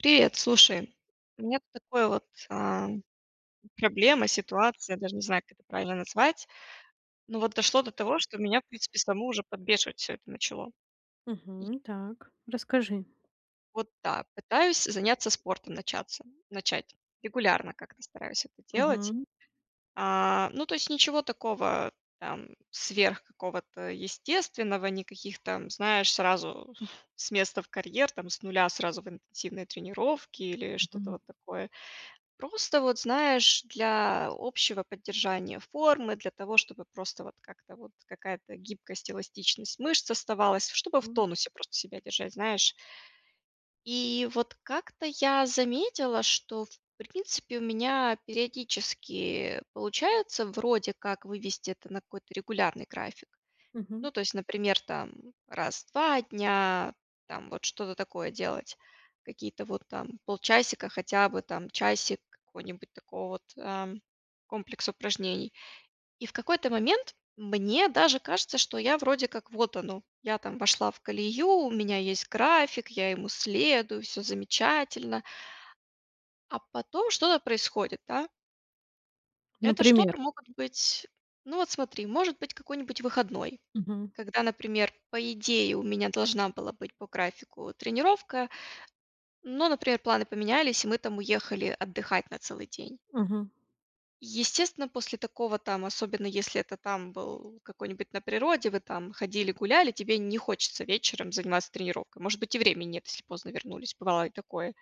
Привет. Слушай, у меня тут такой вот, ам, проблема, ситуация, я даже не знаю, как это правильно назвать. Ну вот дошло до того, что меня, в принципе, саму уже подбешивать всё это начало и Мгм, так, расскажи. Вот так, пытаюсь заняться спортом начаться начать. Регулярно как-то стараюсь это делать. Мгм. А, ну то есть ничего такого там сверх какого-то естественного, никаких там, знаешь, сразу с места в карьер, там с нуля сразу в интенсивные тренировки или что-то Мгм. вот такое. Просто вот, знаешь, для общего поддержания формы, для того, чтобы просто вот как-то вот какая-то гибкость, эластичность мышц оставалась, чтобы в Пон тонусе просто себя держать, знаешь. И вот как-то я заметила, что, в принципе, у меня периодически получается вроде как вывести это на какой-то регулярный график. Ну, Мгм. то есть, например, там раз в 2 дня там вот что-то такое делать. Какие-то вот там полчасика, хотя бы там часик какой-нибудь такого вот, ам, комплекса упражнений. И в какой-то момент мне даже кажется, что я вроде как: "Вот оно". Я там вошла в колею, у меня есть график, я ему следую, всё замечательно. А потом что-то происходит, да. Это что-то Например? могут быть ну вот смотри, может быть какой-нибудь выходной, Мгм. когда, например, по идее у меня должна была быть по графику тренировка, но, например, планы поменялись и мы там уехали отдыхать на целый день. Мгм. Естественно, после такого там, особенно, если это, там, был какой-нибудь на природе вы там ходили гуляли, тебе не хочется вечером заниматься тренировкой. Может быть, и время нет, если поздно вернулись, бывало и такое.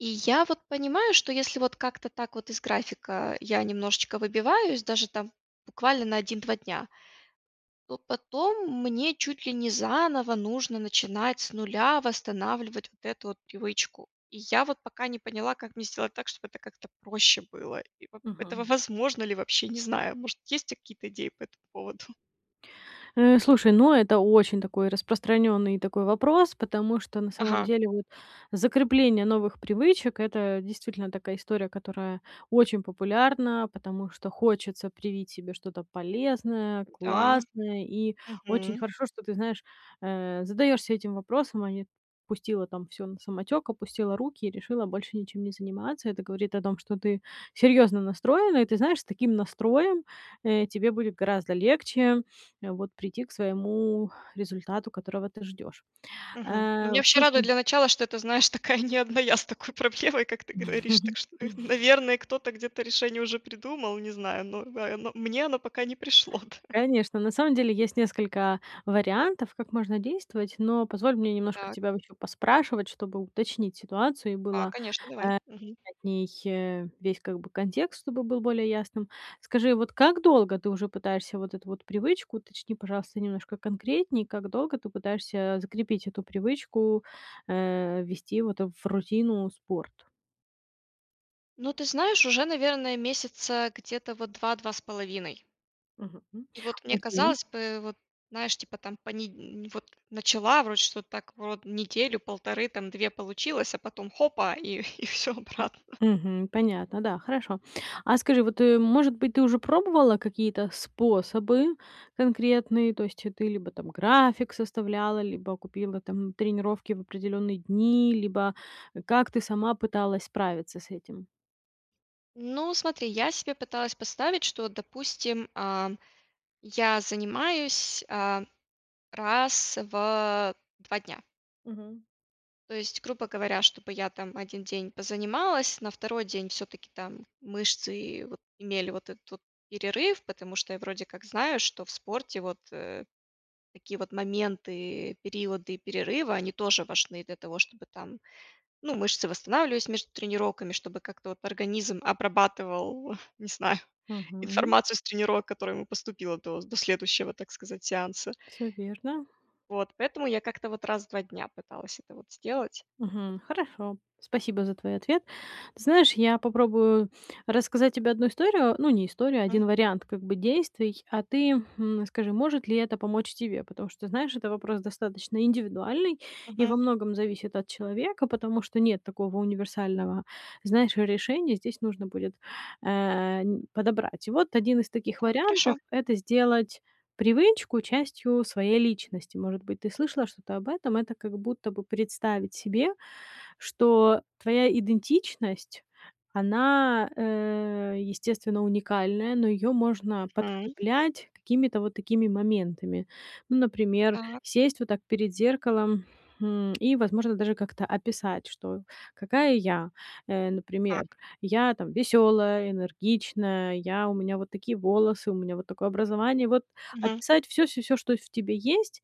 И я вот понимаю, что если вот как-то так вот из графика я немножечко выбиваюсь, даже там буквально на 1-2 дня, то потом мне чуть ли не заново нужно начинать с нуля восстанавливать вот эту вот привычку. И я вот пока не поняла, как мне сделать так, чтобы это как-то проще было. И вот этого Мгм. возможно ли вообще, не знаю. Может, есть у тя какие-то идеи по этому поводу? Э, слушай, ну, это очень такой распространённый такой вопрос, потому что, на самом Ага. деле, вот закрепление новых привычек- это действительно такая история, которая очень популярна, потому что хочется привить себе что-то полезное, Да. классное. И очень Мгм. хорошо, что ты, знаешь, э, задаешься этим вопросом, а не пустила там всё на самотёк, опустила руки и решила больше ничем не заниматься. Это говорит о том, что ты серьёзно настроена. И, ты знаешь, с таким настроем, э, тебе будет гораздо легче, вот, прийти к своему результату, которого ты ждёшь. Мгм. Ну меня Э, вообще радует слушаю. для начала, что это, знаешь, такая не одна я с такой проблемой, как ты говоришь. Так что и, наверное, кто-то где-то решение уже придумал, не знаю, но в а, но мне оно пока не пришло, да. Конечно, на самом деле, есть несколько вариантов, как можно действовать, но позволь мне немножко Так. тебя вот ещё поспрашивать, чтобы уточнить ситуацию, и А, было э конечно, давай. Мгм. от них, э, весь как бы контекст, чтобы был более ясным. Скажи, вот как долго ты уже пытаешься вот эту вот привычку, уточни, пожалуйста, немножко конкретнее- как долго ты пытаешься, закрепить эту привычку, э, ввести, вот, в рутину спорт? Ну, ты знаешь, уже, наверное, месяца где-то, вот, 2-2,5. Мгм, м. И вот, мне Окей. казалось бы, вот, знаешь, типа там пониднь вот, начала вроде что-то, так, врод неделю 1,5, там 2 получилось, а потом хопа, и и всё М. обратно. Мгм, понятно, да, хорошо. А скажи, вот, э, может быть, ты уже пробовала какие-то способы конкретные? То есть, ты либо, там, график составляла, либо купила, там, тренировки в определённые дни, либо, э, как ты сама пыталась справиться с этим? Ну, смотри, я себе пыталась поставить, что, вот допустим, а, я занимаюсь, а, раз в 2 дня. Мгм. То есть, грубо говоря, чтобы я, там, 1 день позанималась, на 2 день всё-таки, там, мышцы, вот, имели вот этот вот перерыв, потому что я вроде как знаю, что в спорте, вот, э, такие вот моменты, периоды и перерывы, они тоже важны для того, чтобы, там, ну, мышцы восстанавливались между тренировками, чтобы как-то вот организм обрабатывал, не знаю, Мгм. информацию с тренировок, которая ему поступила до до следующего, так сказать, сеанса. Всё верно. Вот, поэтому я как-то, вот, раз в 2 дня пыталась это, вот, М. сделать. Мгм. Хорошо, спасибо за твой ответ. Ты знаешь, я попробую рассказать тебе 1 историю, ну, не историю, а М. 1 вариант как бы, действий, а ты, хм, скажи, может ли это помочь тебе? Потому что ты знаешь, это вопрос достаточно индивидуальный и во Мгм. многом зависит от человека, потому что нет такого универсального, знаешь, решения. Здесь нужно будет, э, нь подобрать. И вот 1 из таких Так, вариантов- хорошо. это сделать привычку частью своей личности. Может быть, ты слышала что-то об этом? Это как будто бы представить себе, что твоя идентичность, она, э, естественно, уникальная, но её можно Мгм. подкреплять какими-то вот такими моментами. Ну, например, Та. сесть вот так перед зеркалом, хм, и, возможно, даже как-то описать, что какая я. Э, например: Так. я, там, весёлая, энергичная, я у меня вот такие волосы, у меня вот такое образование. Вот Мгм. описать всё всё всё, что в тебе есть,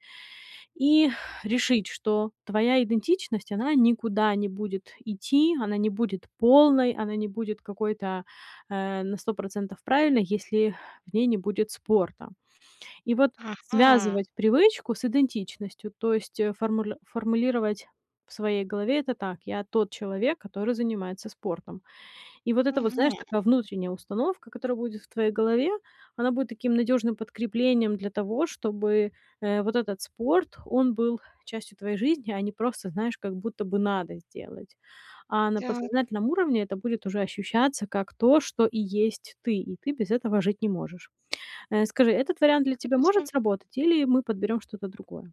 и решить, что твоя идентичность, она никуда не будет идти, она не будет полной, она не будет какой-то, э, на 100 % правильной, если в ней не будет спорта. И вот Ага! связывать привычку с идентичностью, то есть, э, формуль формулировать в своей голове это так: я- тот человек, который занимается спортом. И вот эта вот, знаешь, Мгм. такая внутренняя установка, которая будет в твоей голове, она будет таким надёжным подкреплением для того, чтобы, э, вот этот спорт, он был частью твоей жизни, а не просто, знаешь, как будто бы надо сделать. А на Так. подсознательном уровне это будет уже ощущаться как то, что и есть ты, и ты без этого жить не можешь. Э, скажи, этот вариант для тебя может Интересно. сработать или мы подберём что-то другое?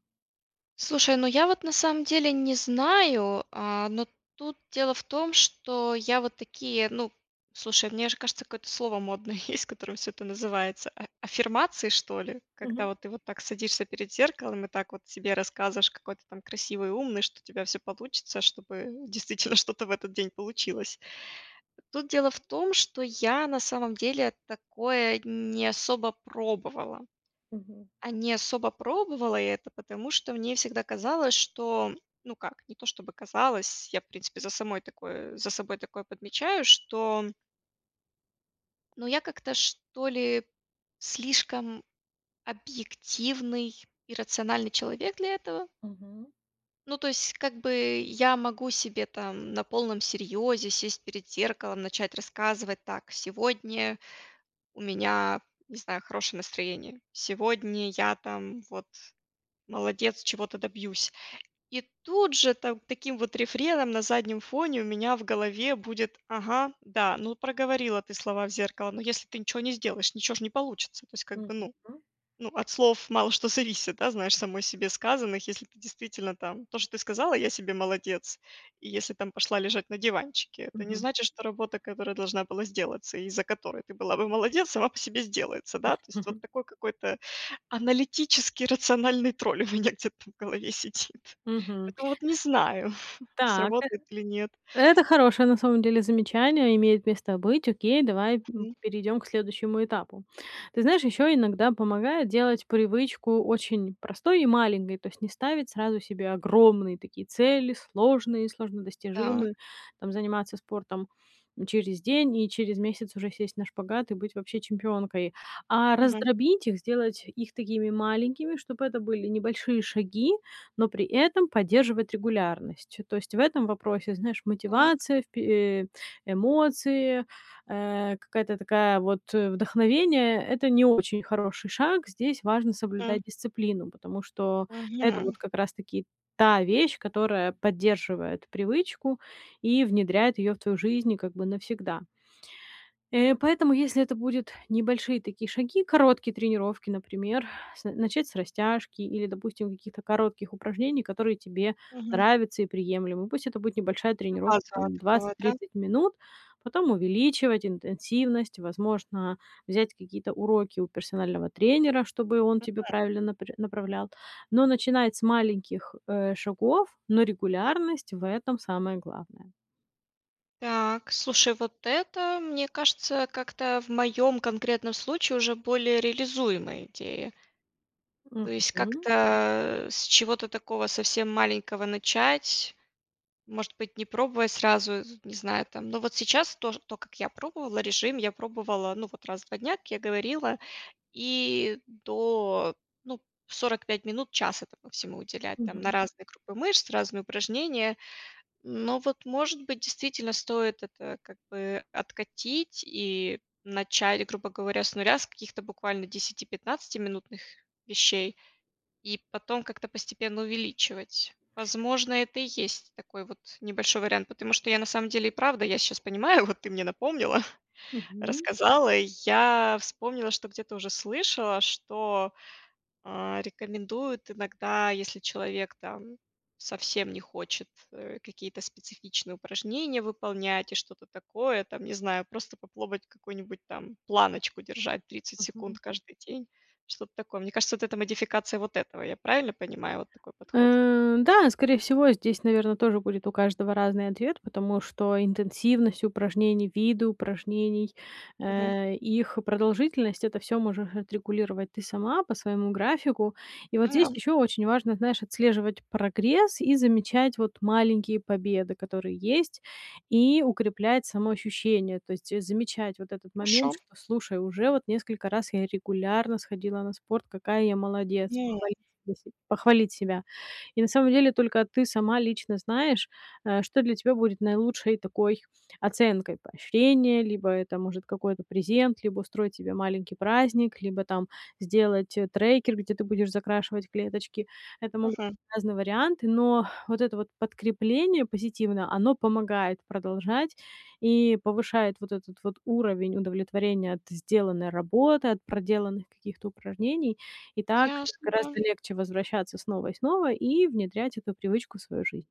Слушай, ну я вот, на самом деле, не знаю, а, но тут дело в том, что я вот такие ну, слушай, мне аж кажется, какое-то слово модное есть, которым всё это называется, а аффирмации что ли? Когда Мгм. вот ты вот так садишься перед зеркалом и так вот себе рассказываешь, какой ты, там, красивый, умный, что у тебя всё получится, чтобы действительно что-то в этот день получилось. Тут дело в том, что я, на самом деле, такое не особо пробовала. Мгм. А не особо пробовала я это, потому что мне всегда казалось, что ну как, не то, чтобы казалось, я, в принципе, за самой такое за собой такое подмечаю, что ну, я как-то, что ли, слишком объективный и рациональный человек для этого. Мгм. Ну, то есть как бы я могу себе там на полном серьёзе сесть перед зеркалом, начать рассказывать: "Так, сегодня у меня, не знаю, хорошее настроение. Сегодня я там, вот, молодец, чего-то добьюсь". И тут же там таким вот рефреном на заднем фоне у меня в голове будет: "Ага, да, ну, проговорила ты слова в зеркало, но если ты ничего не сделаешь, ничего ж не получится". То есть как бы ну Мгм. ну, от слов мало что зависит, да, знаешь, самой себе сказанных. Если ты действительно там то, что ты сказала: "Я себе молодец". И если там пошла лежать на диванчике, это не Мгм. значит, что работа, которая должна была сделаться и из-за которой ты была бы молодец, сама по себе сделается. Да, то есть вот такой какой-то аналитический, рациональный тролль у меня где-то в голове сидит. Мгм. Поэтому, вот не знаю: Так, э сработает или нет. это хорошее, на самом деле, замечание, имеет место быть. Окей, давай, м, Мгм. перейдём к следующему этапу. Ты знаешь, ещё иногда помогает делать привычку очень простой и маленькой, то есть не ставить сразу себе огромные такие цели, сложные, сложно Так. достижимые. Там, заниматься спортом через день и через месяц уже сесть на шпагат и быть вообще чемпионкой, а Мгм. раздробить их, сделать их такими маленькими, чтобы это были небольшие шаги, но при этом поддерживать регулярность. То есть в этом вопросе, знаешь, Так. мотивация, впе э, эмоции, э, какая-то такая вот вдохновение- это не очень хороший шаг. Здесь важно М. соблюдать дисциплину, потому что это вот Мгм. как раз-таки та вещь, которая поддерживает привычку и внедряет её в твою жизнь и как бы навсегда. Э, поэтому если это будет небольшие такие шаги, короткие тренировки, например: с начать с растяжки или, допустим, какие-то коротких упражнений, которые тебе Мгм. нравятся и приемлемы. Пусть это будет небольшая тренировка, Одноразового там, такого, двадцать да? тридцать минут, потом увеличивать интенсивность. Возможно, взять какие-то уроки у персонального тренера, чтобы он тебе [unintelligible] правильно напрь направлял, но начинать с маленьких, э, шагов, но регулярность в этом- самое главное. Так, слушай, вот это, мне кажется, как-то в моём конкретном случае уже более реализуемая идея. То есть Мгм. как-то, с чего-то такого совсем маленького начать, может быть, не пробуя сразу, з не знаю там но вот сейчас тож то, как я пробовала, режим я пробовала, ну, вот раз в 2 дня, как я говорила, и до, ну, 45 минут, час этому всему уделять там на Мгм. разные группы мышц, разные упражнения. Но вот, может быть, действительно стоит это как бы откатить и начать, грубо говоря, с 0, с каких-то буквально десяти-пятнадцатиминутных вещей и потом как-то постепенно увеличивать. Возможно, это и есть такой вот небольшой вариант. Потому что я, на самом деле, и правда, я сейчас понимаю, вот ты мне напомнила, Мгм. рассказала и я вспомнила, что где-то уже слышала, что, а, рекомендуют иногда, если человек там совсем не хочет, э, какие-то специфичные упражнения выполнять и что-то такое, там, не знаю, просто попробовать какую-нибудь там планочку держать 30 секунд Мгм. каждый день. Что-то такое. Мне кажется, вот это- модификация вот этого. Я правильно понимаю вот такой подход? Э, да, скорее всего, здесь, наверно, тоже будет у каждого разный ответ, потому что интенсивность упражнений, виды упражнений, Мгм. э, и их продолжительность- это всё можешь отрегулировать ты сама, по своему графику. И вот здесь Да. ещё очень важно, знаешь, отслеживать прогресс и замечать, вот, маленькие победы, которые есть, и укреплять самоощущение. То есть, э, замечать вот этот момент, Хорошо. что: "Слушай, уже вот несколько раз я регулярно сходила на спорт, какая я молодец". Похвалить [unintelligible] саму себ похвалить себя. И, на самом деле, только ты сама лично знаешь, э, что для тебя будет наилучшей такой оценкой: поощрения, либо это может какой-то презент, либо устроить себе маленький праздник, либо там сделать, э, трекер, где ты будешь закрашивать клеточки. Это могут Мгм. разные варианты, но вот это вот подкрепление позитивное- оно помогает продолжать и повышает вот этот вот уровень удовлетворения от сделанной работы, от проделанных каких-то упражнений. И так Ясно, да. гораздо легче возвращаться снова и снова и внедрять эту привычку в свою жизнь.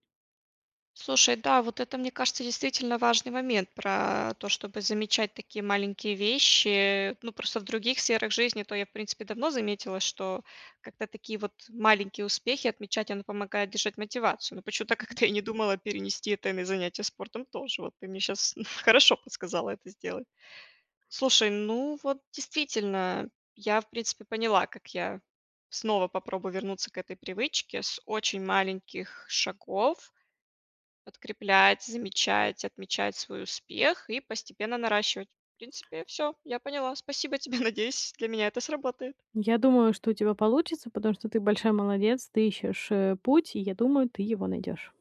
Слушай, да, вот это, мне кажется, действительно важный момент про то, чтобы замечать такие маленькие вещи. Ну, просто в других сферах жизни, то я, в принципе, давно заметила, что как-то такие вот маленькие успехи отмечать- оно помогает держать мотивацию. Но почему-то Мгм. как-то я не думала перенести это и на занятия спортом тоже. Вот ты мне щас хорошо подсказала это сделать. Слушай, ну вот действительно, я, в принципе, поняла, как я снова попробую вернуться к этой привычке с очень маленьких шагов. Подкреплять, замечать, отмечать свой успех и постепенно наращивать. В принципе, всё, я поняла. Спасибо тебе. Надеюсь для меня это сработает. Я думаю, что у тебя получится, потому что ты большая молодец. Ты ищешь, э, путь, и я думаю, ты его найдешь.